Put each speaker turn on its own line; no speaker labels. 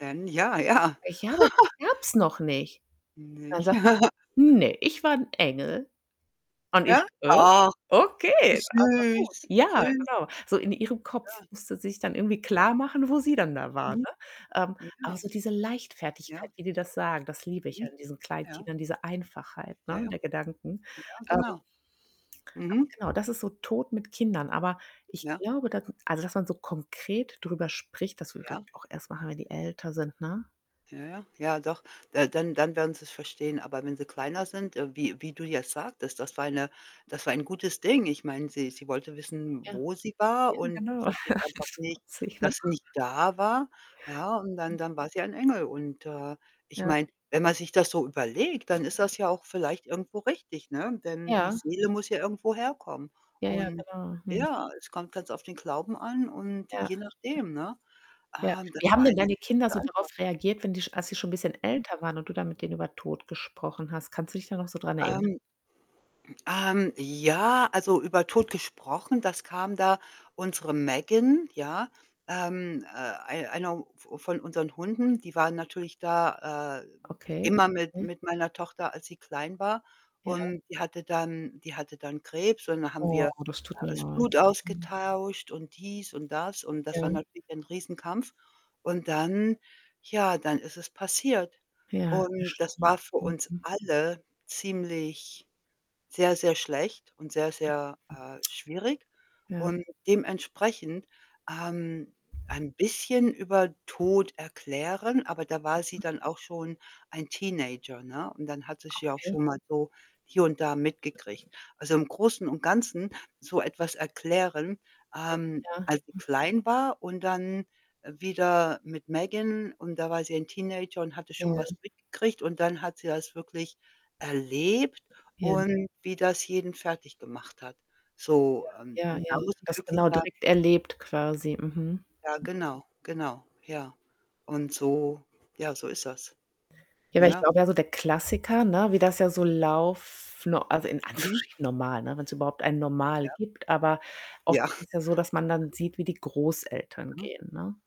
Wenn, ja, ja.
Ich [unintelligible] gab's noch nicht. Dann
Nicht?
sagt „Ne, ich war 'n Engel.“ Und ich:
Ja?
„Hä?
Ach.
Okay, also gut.“
Süß,
Ja,
süß.
genau. So in ihrem Kopf
Ja.
musste sie sich dann irgendwie
Ja.
klarmachen, wo sie dann da war, ne?
Mhm.
Ähm,
Na
aber
ja.
so diese Leichtfertigkeit,
Ja.
wie die das sagen, das liebe ich ja
Mhm,
in diesen
ja.
Kleinkindern, diese Einfachheit,
Ja,
ne,
ja.
der Gedanken.
Ja,
Ähm
genau.
aber,
Mhm.
genau, das ist so Tod mit Kindern, aber ich
Ja.
glaube, da also, dass man so konkret drüber spricht, das würde ich, glaube
Ja.
ich, auch erst machen, wenn die älter sind, ne?
Ja, ja. Ja, doch. Da dann dann werden sie's verstehen. Aber wenn sie kleiner sind, äh, wie wie du jetzt sagtest, das war eine das war ein gutes Ding. Ich meine, sie sie wollte wissen,
Ja,
wo sie war,
eben,
und
genau.
versteht einfach
[unintelligible]
nicht,
putzig, ne?
dass sie nicht da war, ja. Und
Hm.
dann dann war sie ein Engel. Und, äh, ich
Ja.
meine, wenn man sich das so überlegt, dann ist das ja auch vielleicht irgendwo richtig, ne?
Ja.
Denn die
Ja.
Seele muss ja irgendwo herkommen.
Ja, ja,
Und,
genau. Mhm.
ja, es kommt ganz auf den Glauben an und
Ja.
je nachdem, ne?
Ja.
Ah, das
Wie haben
war
denn
eine
deine
sehr
Kinder
gute
so darauf
Antwort.
reagiert, wenn die als die schon bisschen
Hm.
älter waren und du dann mit denen über Tod gesprochen hast? Kannst du dich da noch so dran erinnern?
Ähm. Ähm, ja, also, über Tod gesprochen das kam da unsere Megan, ja, ähm, äh, ei einer v von unseren Hunden, die waren natürlich da, äh,
Okay.
immer mit
Mhm.
mit meiner Tochter, als sie klein war.
Ja.
Und die hatte dann die hatte dann Krebs, und da haben
Oh,
wir
das
da
tut mir
das
leid.
Blut
Mhm.
ausgetauscht und dies und das. Und das war
Ja.
natürlich ein Riesenkampf. Und dann, ja, dann ist es passiert.
Ja,
Und das
bestimmt.
war für
Hm,
uns
hm.
alle ziemlich sehr, sehr schlecht und sehr,
Ja.
sehr, äh, schwierig.
Ja.
Und dementsprechend, ähm, ein bisschen über Tod erklären aber da war sie
Ja.
dann auch schon ein Teenager, ne? Und dann hat sie es ja auch
Okay.
schon mal so hier und da mitgekriegt. Also, im Großen und Ganzen so etwas erklären ähm,
Ja.
als sie
H
klein war und dann wieder mit Megan und da war sie ein Teenager und hatte schon was
Ja.
mitgekriegt und dann hat sie das wirklich erlebt
Ja.
und wie das jeden fertiggemacht hat. So, ähm,
Ja. Ja,
und da
ja.
muss ich
Das
wirklich
genau
sagen
direkt erlebt quasi, mhm.
Ja, genau, genau, ja. Und so ja, so ist das,
Ja, weil ich
ne?
glaube, ja, so der Klassiker, ne, wie das ja so lauf no also, in
Mhm.
Anführungsstrichen normal, ne, wenn's überhaupt ein Normal
Ja.
gibt. Aber oft
Ja.
ist es ja so, dass man dann sieht, wie die Großeltern
Ja.
gehen, ne?